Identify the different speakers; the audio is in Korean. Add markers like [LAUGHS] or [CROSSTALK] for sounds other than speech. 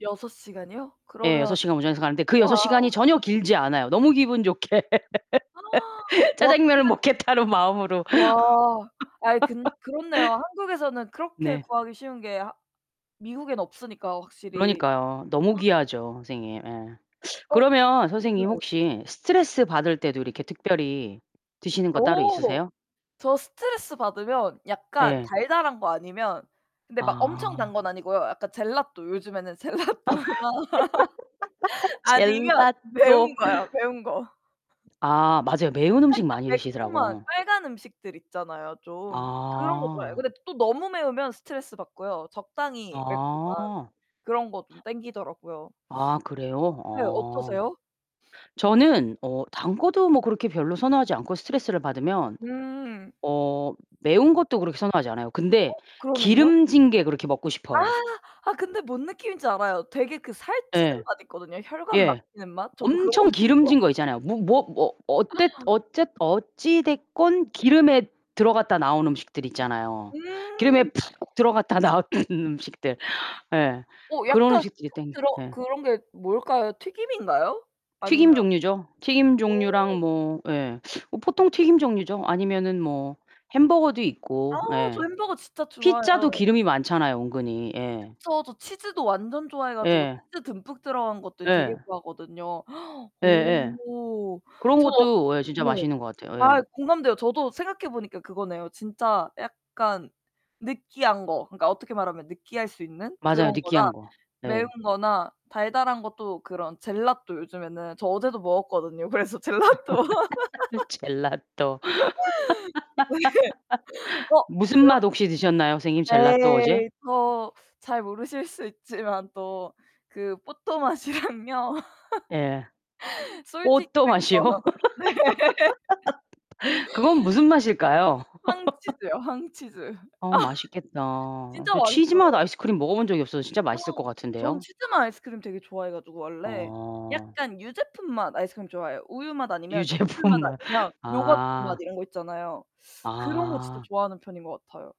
Speaker 1: 6 시간이요?
Speaker 2: 예, 6
Speaker 1: 그러면
Speaker 2: 시간 운전해서 가는데 그
Speaker 1: 와.
Speaker 2: 6 시간이 전혀 길지 않아요. 너무 기분 좋게.
Speaker 1: [GASPS] 와 근데
Speaker 2: 짜장면을 먹겠다는 마음으로.
Speaker 1: 와 아이 그 그렇네요. 한국에서는
Speaker 2: [LAUGHS]
Speaker 1: 그렇게
Speaker 2: 네.
Speaker 1: 구하기 쉬운 게 하 미국엔 없으니까 확실히.
Speaker 2: 그러니까요. 너무
Speaker 1: [GASPS]
Speaker 2: 귀하죠, 선생님. 예.
Speaker 1: 어
Speaker 2: 그러면
Speaker 1: 네.
Speaker 2: 선생님 혹시 스트레스 받을 때도 이렇게 특별히 드시는 거 따로
Speaker 1: 오.
Speaker 2: 있으세요?
Speaker 1: 저 스트레스 받으면 약간
Speaker 2: 예.
Speaker 1: 달달한 거 아니면 근데 막 엄청 단
Speaker 2: 아.
Speaker 1: 건 아니고요. 약간 젤라또. 요즘에는 젤라또나 [LAUGHS]
Speaker 2: [LAUGHS]
Speaker 1: 아니면 매운
Speaker 2: 젤라또.
Speaker 1: 거요, 매운 거.
Speaker 2: 아 맞아요. 매운 음식
Speaker 1: 살짝
Speaker 2: 많이
Speaker 1: 매콤한
Speaker 2: 드시더라고요.
Speaker 1: 빨간 음식들 있잖아요, 좀. 그런 거 좋아해요.
Speaker 2: 아.
Speaker 1: 근데 또 너무 매우면 스트레스 받고요. 적당히 매콤한
Speaker 2: 아.
Speaker 1: 그런 거 좀 당기더라고요.
Speaker 2: 아 그래요?
Speaker 1: 네,
Speaker 2: 어.
Speaker 1: 어떠세요?
Speaker 2: 저는 어 단 거도 뭐 그렇게 별로 선호하지 않고 스트레스를 받으면
Speaker 1: 음.
Speaker 2: 어 매운 것도 그렇게 선호하지 않아요. 근데
Speaker 1: 어, 그러면요?
Speaker 2: 기름진 게 그렇게 먹고
Speaker 1: 아
Speaker 2: 싶어요.
Speaker 1: 아 근데 뭔 느낌인지 알아요. 되게 그 살찌는
Speaker 2: 예.
Speaker 1: 맛 있거든요. 혈관
Speaker 2: 예.
Speaker 1: 막히는 맛. 저도 그런 거
Speaker 2: 엄청
Speaker 1: [UNINTELLIGIBLE]
Speaker 2: 기름진 거 있잖아요. 뭐 뭐 뭐 어땠 어쨌 어찌됐건 기름에 들어갔다 나온 음식들 있잖아요. 기름에
Speaker 1: 음.
Speaker 2: 푹 들어갔다 나온 음식들. 예.
Speaker 1: 어
Speaker 2: 그런
Speaker 1: 약간
Speaker 2: 음식들이
Speaker 1: [UNINTELLIGIBLE]
Speaker 2: 당겨
Speaker 1: 들어
Speaker 2: 네.
Speaker 1: 그런 게 뭘까요? 튀김인가요? 아니면
Speaker 2: 튀김 종류죠. 튀김
Speaker 1: 어.
Speaker 2: 종류랑 뭐 예, 뭐 보통 튀김 종류죠. 아니면은 뭐 햄버거도
Speaker 1: 아
Speaker 2: 있고
Speaker 1: 저
Speaker 2: 예.
Speaker 1: 햄버거 진짜
Speaker 2: 피자도
Speaker 1: 좋아해요.
Speaker 2: 기름이 많잖아요, 은근히. 예.
Speaker 1: 저, 저 치즈도 완전 좋아해 가지고
Speaker 2: 예.
Speaker 1: 치즈 듬뿍 들어간 것들 되게
Speaker 2: 네.
Speaker 1: 좋아하거든요.
Speaker 2: 예예.
Speaker 1: 오
Speaker 2: 그런
Speaker 1: 전 어
Speaker 2: 것도 예 진짜
Speaker 1: 네.
Speaker 2: 맛있는 것 같아요. 예.
Speaker 1: 아 공감돼요. 저도 생각해 보니까 그거네요. 진짜 약간 느끼한 거. 그러니까 어떻게 말하면 느끼할 수 있는
Speaker 2: 맞아요,
Speaker 1: 그런 거나
Speaker 2: 느끼한 거.
Speaker 1: 매운
Speaker 2: 네.
Speaker 1: 거나 달달한 것도 그런 젤라또 요즘에는 저 어제도 먹었거든요. 그래서 젤라또.
Speaker 2: [LAUGHS]
Speaker 1: [LAUGHS]
Speaker 2: 젤라또
Speaker 1: [LAUGHS] 네. 어,
Speaker 2: [LAUGHS] 무슨
Speaker 1: 그런
Speaker 2: 맛 혹시 드셨나요? 선생님, 젤라또 어제?
Speaker 1: 에이, 또 잘 모르실 수 있지만 또 그 뽀또맛이랑요.
Speaker 2: 예.
Speaker 1: 솔티드
Speaker 2: 뽀또맛이요.
Speaker 1: 크래커. 네.
Speaker 2: [LAUGHS] 그건 무슨 맛일까요? [LAUGHS]
Speaker 1: 황치즈요 황치즈. [LAUGHS]
Speaker 2: 아 맛있겠다.
Speaker 1: 진짜
Speaker 2: 저 치즈맛
Speaker 1: 맛있어요.
Speaker 2: 아이스크림 먹어 본 적이 없어서 진짜 맛있을 것
Speaker 1: [GASPS] 저는
Speaker 2: 같은데요.
Speaker 1: 치즈맛 아이스크림 되게 좋아해 가지고 원래
Speaker 2: 어.
Speaker 1: 약간 유제품 맛 아이스크림 좋아해요. 우유맛 아니면 치즈맛
Speaker 2: 유제품맛.
Speaker 1: 아니면
Speaker 2: 아.
Speaker 1: 요거트맛 이런 거 있잖아요. 그런 거 진짜
Speaker 2: 아.
Speaker 1: 좋아하는 편인 것 같아요.